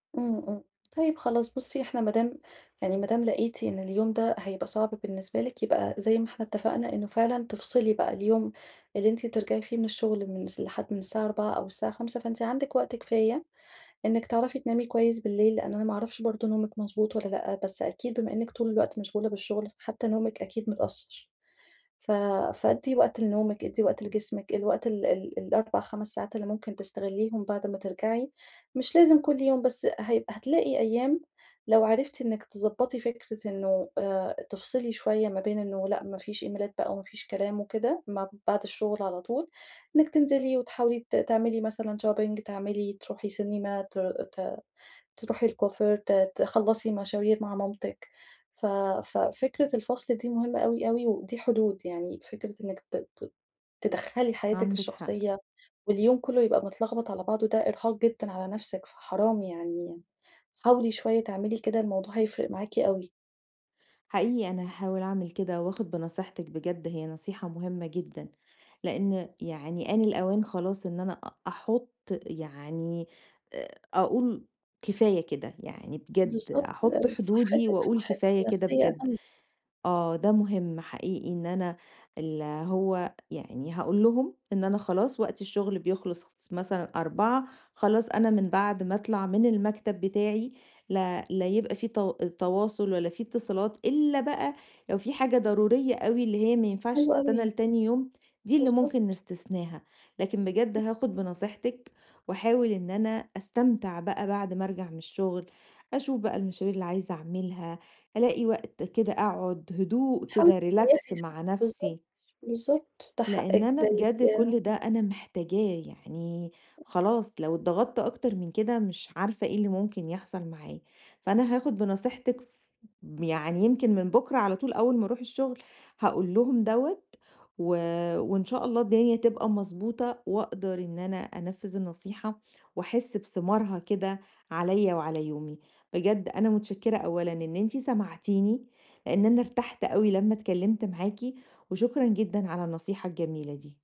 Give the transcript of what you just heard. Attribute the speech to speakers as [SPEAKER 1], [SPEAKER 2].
[SPEAKER 1] امم، امم، طيّب خلاص بُصّي إحنا ما دام يعني ما دام لقيتِ إن اليوم ده هيبقى صعب بالنسبة لِك يبقى زي ما إحنا اتّفقنا إنّه فعلًا تفصلي بقى اليوم اللي أنتِ بترجعي فيه من الشغل من س لحد من الساعة 16:00 أو الساعة 17:00 فأنتِ عندِك وقت كفاية، إنِّك تعرفي تنامي كويّس بالليل لأن أنا ما أعرفش برضو نومِك مضبوط والّا لأ، بس أكيد بما إنّك طول الوقت مشغولة بالشغل حتّى نومك أكيد متأثر. ف فادِّي وقت لنومِك ادِّي وقت لجسمِك الوقت ال ال4، 5 ساعات اللي ممكن تستغليهم بعد ما ترجعي، مش لازم كل يوم بس هي هتلاقي أيّام لو عرفتِ إنِّك تضبطي فكرة إنّه تفصلي شويّة ما بين إنّه لأ ما فيش إيميلات بقى وما فيش كلام وكده م بعد الشغل على طول، إنِّك تنزلي وتحاولي ت تعملي مثلًا شوبينج تعملي تروحي سينما ت ت تروحي الكُوافير، ت تخلَّصي مشاوير مع مامتِك، ف ف فكرة الفصل دي مهمّة أوي أوي ودي حدود يعني فكرة إنِّك ت ت تِدَخْلي حياتِك
[SPEAKER 2] عندِك حق.
[SPEAKER 1] الشخصيّة واليوم كلّه يبقى متلخبط على بعضه ده إرهاق جدًا على نفسِك، فحرام يعني حاولي شويّة تعملي كده الموضوع هيفرق معاكِ أوي.
[SPEAKER 2] حقيقي أنا هاحاول أعمل كده، وآخد بنصيحتِك بجد هي نصيحة مهمّة جدًا، لإن يعني آن الأوان خلاص إن أنا أحط يعني أقول كفاية كده، يعني بجد
[SPEAKER 1] بالضبط.
[SPEAKER 2] أحط حدودي
[SPEAKER 1] صحتِك
[SPEAKER 2] وأقول
[SPEAKER 1] صحتِك
[SPEAKER 2] كفاية كده
[SPEAKER 1] النفسيّة
[SPEAKER 2] بجد،
[SPEAKER 1] أهم.
[SPEAKER 2] آه، ده مهم حقيقي إن أنا ال هو يعني هاقول لهم إن أنا خلاص وقت الشغل بيخلص مثلًا 16:00 خلاص أنا من بعد ما أطلع من المكتب بتاعي لا لا يبقى في ت تواصل ولا في اتصالات، إلَّا بقى لو في حاجة ضرورية أوي اللي هي ما ينفعش
[SPEAKER 1] حلو
[SPEAKER 2] تستنى
[SPEAKER 1] أوي.
[SPEAKER 2] لتاني يوم، دي اللي ممكن
[SPEAKER 1] بالضبط.
[SPEAKER 2] نستثناها. لكن بجد هاخد بنصيحتِك وأحاول إن أنا أستمتع بقى بعد ما أرجع من الشغل، أشوف بقى المشاوير اللي عايزة أعملها، ألاقي وقت كده أقعد هدوء
[SPEAKER 1] حاولي
[SPEAKER 2] كده relax
[SPEAKER 1] تريّحي
[SPEAKER 2] مع
[SPEAKER 1] حتَّى بالضبط،
[SPEAKER 2] نفسي.
[SPEAKER 1] بالضبط، ده
[SPEAKER 2] لإن
[SPEAKER 1] حقِّك
[SPEAKER 2] أنا
[SPEAKER 1] ده
[SPEAKER 2] بجد
[SPEAKER 1] أنتِ
[SPEAKER 2] كل ده أنا محتاجاه، يعني خلاص لو اتضغطت أكتر من كده مش عارفة إيه اللي ممكن يحصل معايا، فأنا هاخد بنصيحتِك ف يعني يمكن من بُكرة على طول أوّل ما أروح الشغل هاقول لهم دَوَّة، و وإن شاء الله الدنيا تبقى مضبوطة، وأقدر إن أنا أنفذ النصيحة، وأحس بثمارها كده عليَّ وعلى يومي. بجد أنا متشكرة أولًا إن أنتِ سمعتيني، لإن أنا ارتحت أوي لمّا اتكلّمت معاكِ، وشكرًا جدًا على النصيحة الجميلة دي.